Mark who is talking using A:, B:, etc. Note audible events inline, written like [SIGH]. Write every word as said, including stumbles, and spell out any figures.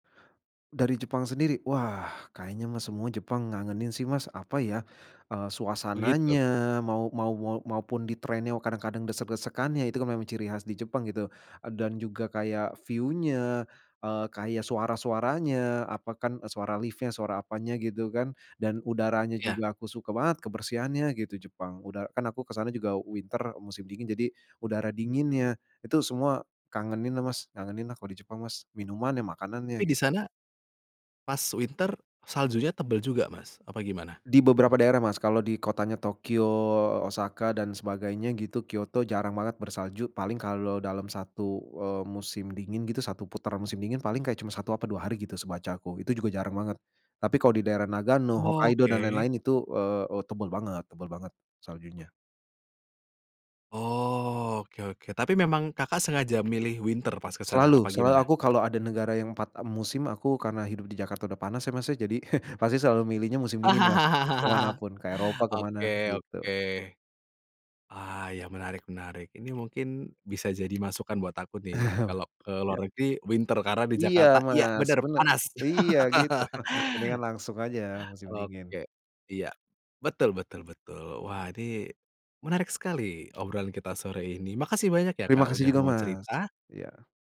A: Dari Jepang sendiri, wah kayaknya mah semua Jepang ngangenin sih Mas, apa ya, eee,
B: Begitu.
A: suasananya, mau mau mau maupun di train-nya kadang-kadang desek-desekannya, itu memang ciri khas di Jepang gitu, eee, dan juga kayak view-nya, eee, kayak suara-suaranya, apa, kan suara lift-nya suara apanya gitu kan, dan udaranya
B: Iya.
A: juga aku suka banget kebersihannya gitu, Jepang, udah kan aku ke sana juga winter, musim dingin jadi udara dinginnya, itu semua kangeninlah Mas, ngangenin lah, kalau di Jepang Mas, minumannya, makanannya,
B: Tapi di
A: gitu.
B: sana, pas winter saljunya tebel juga Mas? Apa gimana?
A: Di beberapa daerah Mas, kalau di kotanya Tokyo, Osaka, dan sebagainya gitu, Kyoto jarang banget bersalju, paling kalau dalam satu, eee, musim dingin gitu satu putaran musim dingin, paling kayak cuman satu apa dua hari gitu sebacaku, itu juga jarang banget, tapi kalo di daerah Nagano, Hokkaido, dan
B: Oke.
A: lain-lain itu, eee eee, tebel banget tebel banget, saljunya.
B: Oh, oke oke, tapi memang Kakak, sengaja milih winter pas ke sana, apa
A: Selalu selalu
B: gimana?
A: aku kalau ada negara yang empat, eee, musim aku karena hidup di Jakarta udah panas ya Mas, ya jadi [CHUCKLES] pasti selalu milihnya musim dingin Mas, ke
B: [LAUGHS]
A: manapun, ke Eropa, ke mana,
B: Oke, oke.
A: gitu.
B: Ah, ya menarik menarik, ini mungkin bisa jadi masukan buat aku nih,
A: [CHUCKLES]
B: kalau ke luar
A: Iya.
B: negeri, winter karena di
A: Iya
B: Jakarta, iya
A: Mas,
B: bener,
A: bener
B: panas.
A: iya gitu [CHUCKLES] mendingan
B: [LAUGHS]
A: langsung aja musim dingin.
B: Oke. Iya, betul betul betul. Wah ini, menarik sekali obrolan kita sore ini, makasih banyak ya
A: Terima
B: Kak,
A: kasih
B: udah
A: juga
B: mau
A: Mas,
B: cerita!
A: iya.